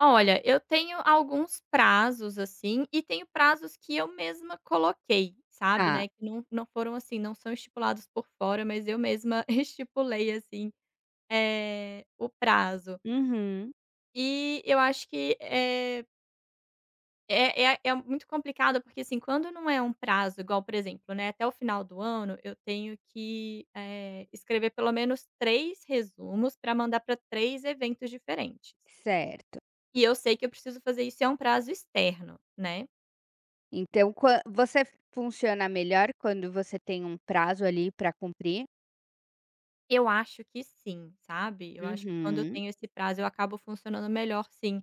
Olha, eu tenho alguns prazos, assim, e tenho prazos que eu mesma coloquei, sabe, Tá né, que não não foram assim, não são estipulados por fora mas eu mesma estipulei assim, eh, o prazo. Uhum. E, eu acho que é é é é muito complicado, porque, assim, quando não é um prazo igual, por exemplo, né, até o final do ano eu tenho que, eh, escrever pelo menos 3 resumos pra mandar para 3 eventos diferentes Certo. e eu sei que eu preciso fazer isso, e é um prazo externo, né. Então quan você funciona melhor quando você tem um prazo ali pra cumprir? Eu acho que sim, sabe, eu acho que quando eu Uhum. tenho esse prazo eu acabo funcionando melhor sim,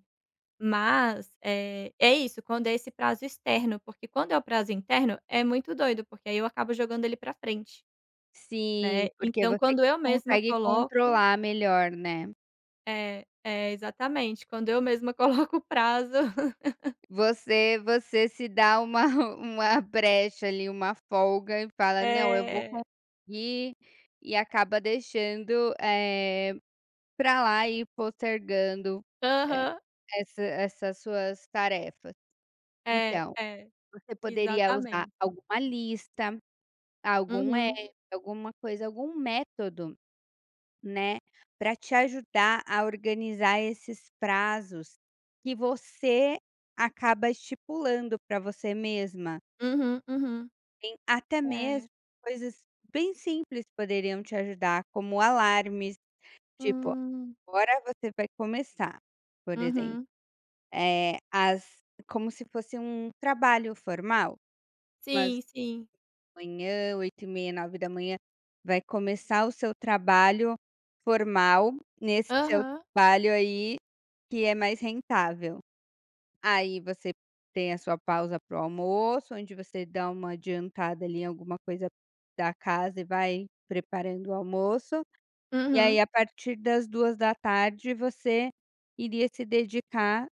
mas, eh, é isso, quando é esse prazo externo, porque quando é o prazo interno é muito doido, porque aí eu acabo jogando ele pra frente, Sim, né, porque então você quando que eu mesma consegue coloco controlar melhor, né. É, é exatamente quando eu mesma coloco prazo. Você você se dá uma uma brecha ali, uma folga e fala: "Não, eu vou É. conseguir". E acaba deixando, eh, pra lá e postergando e Aham. essa essas suas tarefas. É, Então, é, você poderia usar exatamente. alguma lista, algum Uhum. app, alguma coisa, algum método, né, para te ajudar a organizar esses prazos, que você acaba estipulando pra você mesma. Uhum, uhum, Em até é. mesmo coisas bem simples que poderiam te ajudar, como alarmes. Tipo, Hum. agora você vai começar, por exemplo, Uhum. eh, as como se fosse um trabalho formal, umas Sim, sim. manhã 8:30, 9:00 vai começar o seu trabalho formal nesse seu Aham. trabalho aí, que é mais rentável. Aí você tem a sua pausa para o almoço, onde você dá uma adiantada ali em alguma coisa da casa e vai preparando o almoço. E aí, Uhum. a partir das 14:00, você iria se dedicar,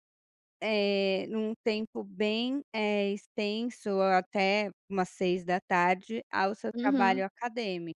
eh, num tempo bem, eh, extenso, ou até umas 18:00, ao seu Uhum. trabalho acadêmico.